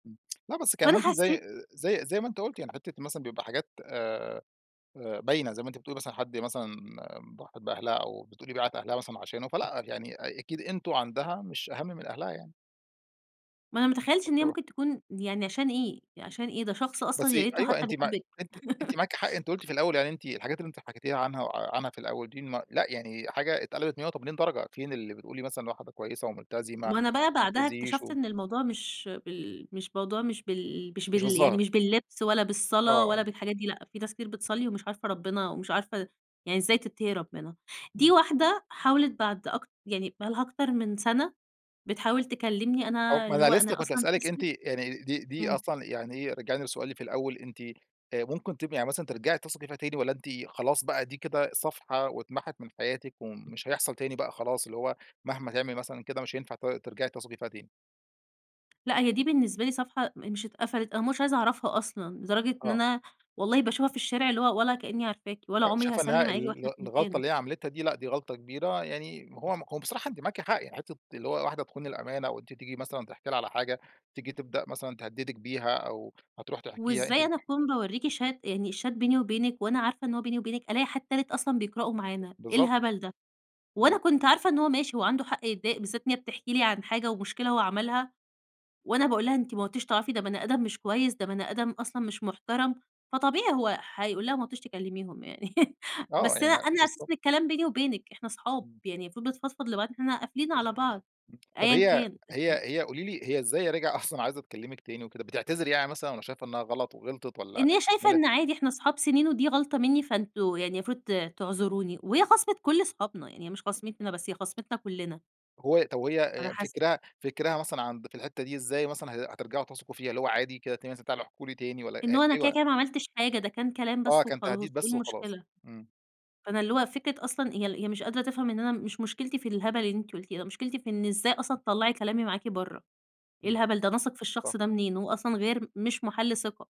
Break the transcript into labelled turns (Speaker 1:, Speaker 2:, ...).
Speaker 1: امم، لأ، بس كان
Speaker 2: فأنا
Speaker 1: ممكن زي
Speaker 2: حَسّيت
Speaker 1: زي زي ما أنتِ قُلتِ يعني حِتّة مثلًا بيبقى حاجات آآ آآ باينة زي ما أنتِ بتقولي مثلًا حد مثلًا ضحِت بأهلها، أو بتقولي باعِت أهلها مثلًا عشانه، فلأ، يعني أ أكيد أنتم عندها مش أهمّ من أهلها يعني.
Speaker 2: ما أنا ما تخيّلتش إن هي
Speaker 1: [unintelligible]
Speaker 2: ممكن تكون يعني عشان إيه، عشان إيه؟ ده شخص أصلًا
Speaker 1: بس
Speaker 2: يا ريته
Speaker 1: أيوه،
Speaker 2: حتى
Speaker 1: أنتِ ما
Speaker 2: بيحبِك.
Speaker 1: أنتِ أنتِ معاكِ حق أنتِ قُلتِ في الأول يعني أنتِ الحاجات اللي أنتِ حكيتيها عنها عنها في الأول دي م لأ، يعني حاجة اتقلبت مِيّة وتِمِانين درجة، فين اللي بتقولي مثلًا واحدة كويسة وملتزمة
Speaker 2: وأنا بقى بعدها
Speaker 1: ومبتأذيش
Speaker 2: اكتشفت
Speaker 1: و
Speaker 2: إن الموضوع مش بال مش موضوع مش بال مش
Speaker 1: مش
Speaker 2: بال يعنيِ
Speaker 1: بالظّاهر.
Speaker 2: مش باللِّبس ولا
Speaker 1: آه،
Speaker 2: بالصلاة
Speaker 1: آه.
Speaker 2: ولا بالحاجات دي لأ، في ناس كتير بتصلِّي ومش عارفة رَبِّنا ومش عارفة يعني إزاي تتقي رّبِّنا، دي
Speaker 1: إمم.
Speaker 2: واحدة حاولت بعد أكت يعني بقى لها أكتر من سنة بتحاول تكلّمني،
Speaker 1: أو
Speaker 2: أنا
Speaker 1: ما
Speaker 2: اللي
Speaker 1: أنا
Speaker 2: هو أنا
Speaker 1: لسه كنت
Speaker 2: أصلًا
Speaker 1: هاسألِك أنتِ
Speaker 2: اسمِك
Speaker 1: يعني دي دي
Speaker 2: إمم.
Speaker 1: أصلًا يعني إيه رجعيني لسؤالي في الأول أنتِ آآ ممكن تبقى يعني مثلًا ترجعي تثقي فيها تاني؟ والّا أنتِ خلاص بقى دي كده صفحة واتمحت من حياتِك، ومش هيحصل تاني بقى خلاص، اللي هو مهما تعمل مثلًا كده مش هينفع ت ترجعي تثقي فيها تاني؟
Speaker 2: لأ، هي دي بالنسبة لي صفحة م مش اتقفلت، أنا مش عايزة أعرفها أصلًا، لدرجة إن
Speaker 1: آه.
Speaker 2: أنا والله باشوفها في الشارع اللي هو ولا كأنّي عارفاكِ ولا
Speaker 1: أ
Speaker 2: عمري
Speaker 1: شايفة إن هي
Speaker 2: هاسلِّم عليكِ
Speaker 1: ال
Speaker 2: وإحنا
Speaker 1: ال
Speaker 2: في
Speaker 1: الغلطة
Speaker 2: مكان.
Speaker 1: اللي هي عملتها دي لأ، دي غلطة كبيرة، يعني هو هو بصراحة أنتِ معاكِ حق، يعني حِتّة اللي هو واحدة تخون الأمانة، وأنتِ تيجي مثلًا تحكي لها على حاجة، تيجي تبدأ مثلًا تهدِّدِك بيها، أو هتروح تحكيها أنتِ
Speaker 2: وإزاي
Speaker 1: ب
Speaker 2: أنا أكون باورِّيكِ Chat يعني الChat بيني وبينك وأنا عارفة إن هو بيني وبينك، ألاقي حد تالت أصلًا بيقرأه معانا إيه
Speaker 1: بالضبط.
Speaker 2: الهبل ده؟ وأنا
Speaker 1: إمم.
Speaker 2: كنت عارفة إن هو ماشي هو عنده حق يتضايق بالذات إن هي بتحكي لي عن حاجة ومُشكلة هو عملها، وأنا باقول لها أنتِ ما عدتيش تعرفيه ده بني أدم مش كويس، ده بني آدم أصلًا مش مُحترم، فطبيعي هو هيقول لها ما عدتيش تكلّميهم يعني
Speaker 1: آه،
Speaker 2: بس أنا
Speaker 1: يعني
Speaker 2: أنا
Speaker 1: بالضبط.
Speaker 2: أساسًا الكلام بيني وبينك، إحنا صحاب،
Speaker 1: إمم.
Speaker 2: يعني المفروض بنفضفض لبعض إحنا قافلين على بعض
Speaker 1: امم، طب
Speaker 2: أيًّا
Speaker 1: هي
Speaker 2: كان.
Speaker 1: هي هي قولي لي هي إزاي راجعة أصلًا عايزة تكلِّمِك تاني وكده؟ بتعتذِر يعني مثلًا والّا شايفة إنها غلط وغلطت والّا
Speaker 2: إن هي شايفة
Speaker 1: [unintelligible]
Speaker 2: إن عادي إحنا صحاب سنين ودي غلطة مني، فأنتم يعني المفروض ت تعذروني، وهي خاصمت كُلّ صحابنا، يعني هي مش خاصمتني أنا بس، هي خاصمتنا كُلّنا.
Speaker 1: هو طب وهي
Speaker 2: على
Speaker 1: آآ
Speaker 2: حسب.
Speaker 1: فكِرها فكِرها مثلًا عند في الحِتّة دي إزاي مثلًا ه هترجعوا تثقوا فيها؟ اللي هو عادي كده ت مثلًا تعالوا احكوا لي تاني والّا هأ
Speaker 2: إنه أنا كده
Speaker 1: أيوه.
Speaker 2: كده ما عملتش حاجة، ده كان كلام
Speaker 1: آه،
Speaker 2: بس
Speaker 1: كان
Speaker 2: وخلاص
Speaker 1: تهديد بس
Speaker 2: إيه
Speaker 1: وخلاص،
Speaker 2: المشكلة؟
Speaker 1: إمم.
Speaker 2: فأنا اللي هو فكرة أصلًا هي هي مش قادرة تفهم إن أنا مش مُشكلتي في الهبل اللي أنتِ قُلتيه ده، مُشكلتي في إن إزاي أصلًا تطلَّعي كلامي معاكِ برَّا؟ إيه
Speaker 1: إمم،
Speaker 2: الهبل ده، أنا أثق في الشخص
Speaker 1: صح.
Speaker 2: ده منين هو أصلًا غير مش مَحَلّ ثقة.